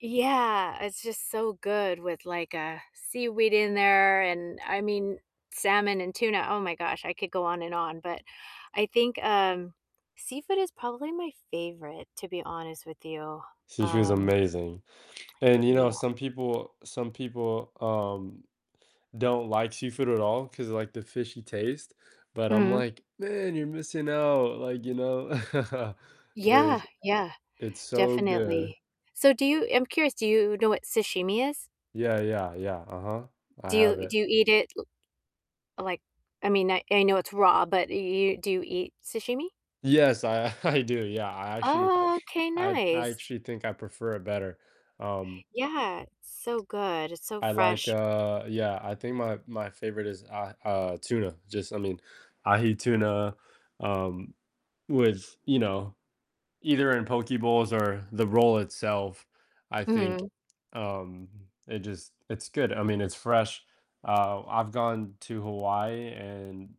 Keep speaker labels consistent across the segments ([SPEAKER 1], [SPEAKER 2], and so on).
[SPEAKER 1] Yeah, it's just so good with, like, uh, seaweed in there, and I mean, salmon, and tuna, oh my gosh, I could go on and on, but I think, um, seafood is probably my favorite, to be honest with you,
[SPEAKER 2] Sushi is
[SPEAKER 1] um
[SPEAKER 2] amazing, and, you
[SPEAKER 1] Yeah.
[SPEAKER 2] know, some people some people, um, don't like seafood at all, 'cause, like, the fishy taste, but I'm
[SPEAKER 1] Mhm.
[SPEAKER 2] like, "Man, you're missing out, like, you know?"
[SPEAKER 1] Yeah,
[SPEAKER 2] There's
[SPEAKER 1] yeah,
[SPEAKER 2] it's so good.
[SPEAKER 1] definitely, so do you I'm curious, do you know what sashimi is?
[SPEAKER 2] Yeah, yeah, yeah, uh-huh. I
[SPEAKER 1] Do you
[SPEAKER 2] have it
[SPEAKER 1] do you eat it l like I mean, I I know it's raw, but you you do you eat sashimi?
[SPEAKER 2] Yes, I I do, yeah, I actually
[SPEAKER 1] Oh, okay,
[SPEAKER 2] I'd I
[SPEAKER 1] nice.
[SPEAKER 2] actually think I prefer it better, um
[SPEAKER 1] Yeah, it's so good, it's so
[SPEAKER 2] I like,
[SPEAKER 1] fresh.
[SPEAKER 2] uh yeah, I think my my favorite is, uh uh, tuna, just I mean, ahi tuna, um, with, you know either in poke bowls or the roll itself, I think,
[SPEAKER 1] Mhm.
[SPEAKER 2] um, it just it's good, I mean, it's fresh, uh, I've gone to Hawaii, and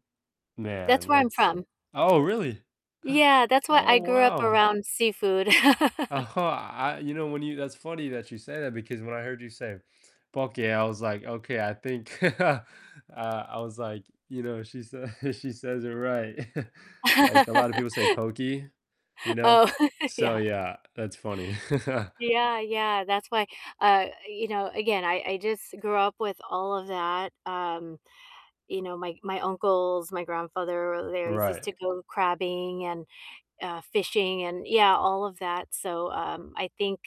[SPEAKER 1] That's
[SPEAKER 2] man,
[SPEAKER 1] where I'm
[SPEAKER 2] it's
[SPEAKER 1] from.
[SPEAKER 2] Oh, really?
[SPEAKER 1] Yeah, that's why
[SPEAKER 2] Oh,
[SPEAKER 1] I grew up
[SPEAKER 2] wow.
[SPEAKER 1] around seafood.
[SPEAKER 2] Uh-huh, I You know, when you That's funny that you say that, because when I heard you say poke, I was like, "Okay, I think" uh, I was like, "You know, she s a she says it right." Like, a lot of people say pokey, you know?
[SPEAKER 1] Oh,
[SPEAKER 2] So
[SPEAKER 1] yeah.
[SPEAKER 2] yeah, that's funny.
[SPEAKER 1] Yeah, yeah, that's why uh, you know, again, I I just grew up with all of that, um, you know, my my uncles, my grandfather, they always used
[SPEAKER 2] Right.
[SPEAKER 1] to go crabbing, and, uh, fishing, and, yeah, all of that, so, um, I think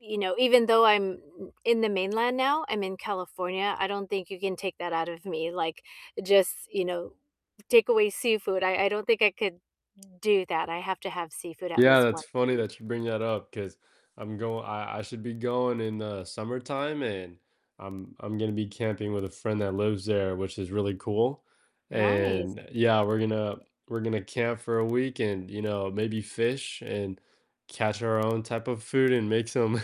[SPEAKER 1] m you know, even though I'm in the mainland now, I'm in California, I don't think you can take that out of me, like, just you know, take away seafood, I I don't think I could do that, I have to have seafood at
[SPEAKER 2] Yeah,
[SPEAKER 1] least
[SPEAKER 2] that's
[SPEAKER 1] once a
[SPEAKER 2] funny
[SPEAKER 1] week.
[SPEAKER 2] that you bring that up, 'cause I'm going I I should be going in the summertime, and I'm I'm gonna be camping with a friend that lives there, which is really cool,
[SPEAKER 1] Nice.
[SPEAKER 2] and Yeah, we're gonna we're gonna camp for a week, and, you know, maybe fish, and catch our own type of food, and make some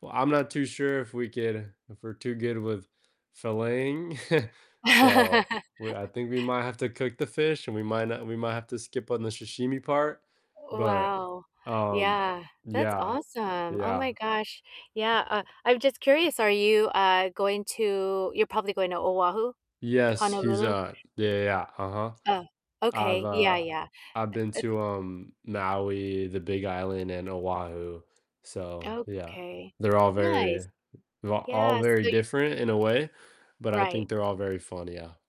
[SPEAKER 2] Well, I'm not too sure if we could if we're too good with filleting, so, we I think we might have to cook the fish, and we might not we might have to skip on the sashimi part, but,
[SPEAKER 1] Wow,
[SPEAKER 2] um
[SPEAKER 1] yeah, that's
[SPEAKER 2] Yeah.
[SPEAKER 1] awesome, oh
[SPEAKER 2] Yeah.
[SPEAKER 1] my gosh, yeah, uh, I'm just curious, are you, uh, going to You're probably going to Oahu,
[SPEAKER 2] Yes, he's,
[SPEAKER 1] Honolulu?
[SPEAKER 2] uh Yeah, yeah, yeah, uh-huh.
[SPEAKER 1] Oh,
[SPEAKER 2] I've,
[SPEAKER 1] okay, yeah,
[SPEAKER 2] uh
[SPEAKER 1] yeah,
[SPEAKER 2] I've been
[SPEAKER 1] it it's
[SPEAKER 2] to, um, Maui, the Big Island, and Oahu, so yeah.
[SPEAKER 1] Okay,
[SPEAKER 2] They're all
[SPEAKER 1] nice,
[SPEAKER 2] very va all
[SPEAKER 1] yeah, so
[SPEAKER 2] very
[SPEAKER 1] you i
[SPEAKER 2] different in a way, but I
[SPEAKER 1] Right.
[SPEAKER 2] think they're all very fun, yeah.